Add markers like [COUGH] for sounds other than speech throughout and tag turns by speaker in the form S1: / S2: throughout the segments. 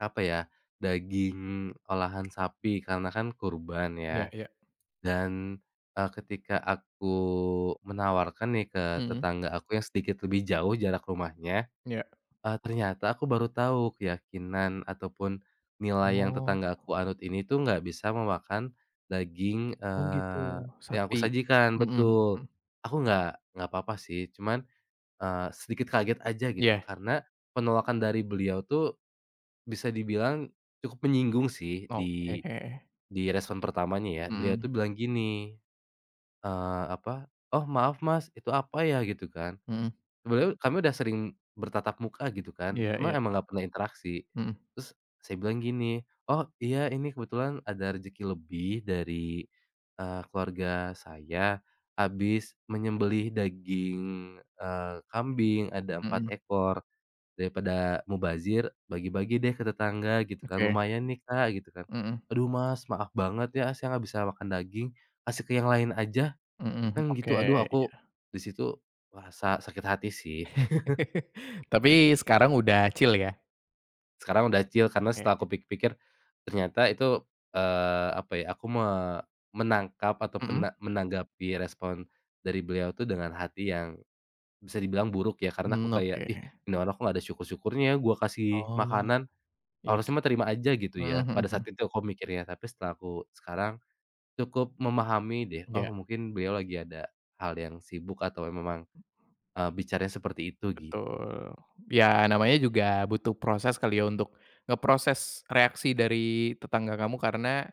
S1: Apa ya, daging olahan sapi karena kan kurban
S2: Iya
S1: ya
S2: iya.
S1: dan, eee, ketika aku menawarkan nih ke
S2: Mhm.
S1: tetangga aku yang sedikit lebih jauh jarak rumahnya,
S2: Iya.
S1: eee, ternyata aku baru tahu keyakinan ataupun nilai yang
S2: Oh.
S1: tetanggaku anut ini tuh nggak bisa memakan, daging,
S2: Oh gitu,
S1: eee, yang aku
S2: sapi.
S1: sajikan,
S2: Mhm
S1: betul,
S2: mhm.
S1: aku nggak nggak apa-apa sih cuman, eee, sedikit kaget aja gitu
S2: Iya.
S1: karena penolakan dari beliau tuh, bisa dibilang cukup menyinggung sih
S2: Oke.
S1: di, direspon pertamanya ya. Beliau tuh
S2: Mhm.
S1: bilang gini, eee, apa, "Oh maaf Mas, itu apa ya?" Gitu kan,
S2: Mhm.
S1: sebenernya kami udah sering bertatap muka gitu kan,
S2: Iya
S1: cuma
S2: iya.
S1: emang gak pernah interaksi,
S2: Mhm.
S1: terus saya bilang gini, "oh iya, ini kebetulan ada rezeki lebih dari," eee, "keluarga saya habis menyembelih daging," eee, "kambing ada 4
S2: Mhm.
S1: ekor, daripada mubazir bagi-bagi deh ke tetangga," gitu kan
S2: Oke.
S1: "lumayan nih Kak," gitu kan,
S2: Mhm.
S1: "aduh Mas maaf banget ya, saya gak bisa makan daging, kasih ke yang lain aja."
S2: Mhm,
S1: Kan
S2: oke,
S1: gitu aduh aku,
S2: iya.
S1: di situ merasa sakit hati sih. [CHUCKLES]
S2: [LAUGHS] Tapi sekarang udah chill ya?
S1: Sekarang udah chill karena setelah
S2: Heeh.
S1: aku pikir-pikir, ternyata itu, eee, apa ya, aku me menangkap atau
S2: Mhm.
S1: pena menanggapi respon, dari beliau itu dengan hati yang, bisa dibilang buruk ya, karena aku
S2: Hmm,
S1: kayak,
S2: oke.
S1: "Ih, ini orang kok gak ada syukur-syukurnya ya, gua kasih
S2: Oh,
S1: makanan,
S2: iya
S1: harusnya
S2: sih.
S1: mah terima aja gitu
S2: Mhm
S1: ya."
S2: mhm
S1: Pada saat
S2: mhm.
S1: itu aku mikirnya, tapi setelah aku sekarang, cukup memahami deh, "Oh
S2: Iya.
S1: mungkin beliau lagi ada, hal yang sibuk atau memang, eee, bicaranya seperti itu," gitu.
S2: Betul, ya namanya juga butuh proses kali ya untuk, ngeproses reaksi dari tetangga kamu karena,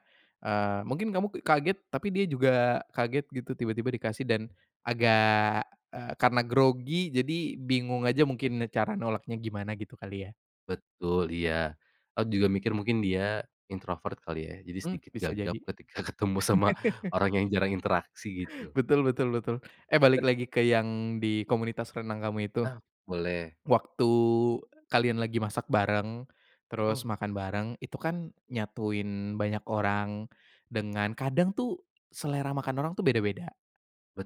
S2: eee, mungkin kamu k kaget tapi dia juga kaget gitu tiba-tiba dikasih dan, agak, eee, karena grogi jadi bingung aja mungkin cara nolaknya gimana gitu kali ya?
S1: Betul, iya. Aku juga mikir mungkin dia introvert kali ya, jadi
S2: Hmm,
S1: sedikit
S2: bisa
S1: gagap
S2: jadi.
S1: ketika ketemu sama
S2: [LAUGHS]
S1: orang yang jarang interaksi gitu.
S2: Betul betul betul. Eh, balik
S1: [LAUGHS]
S2: lagi ke yang di komunitas renang kamu itu.
S1: Nah, boleh.
S2: Waktu kalian lagi masak bareng, terus
S1: Mhm.
S2: makan bareng, itu kan nyatuin banyak orang, dengan kadang tuh selera makan orang tuh beda-beda,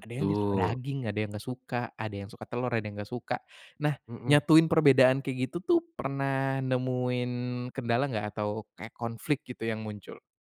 S2: ada yang dia suka daging, ada yang gak suka, ada yang suka telur, ada yang gak suka. Nah
S1: Mhm.
S2: nyatuin perbedaan kayak gitu tuh pernah nemuin kendala nggak? Atau kayak konflik gitu yang muncul?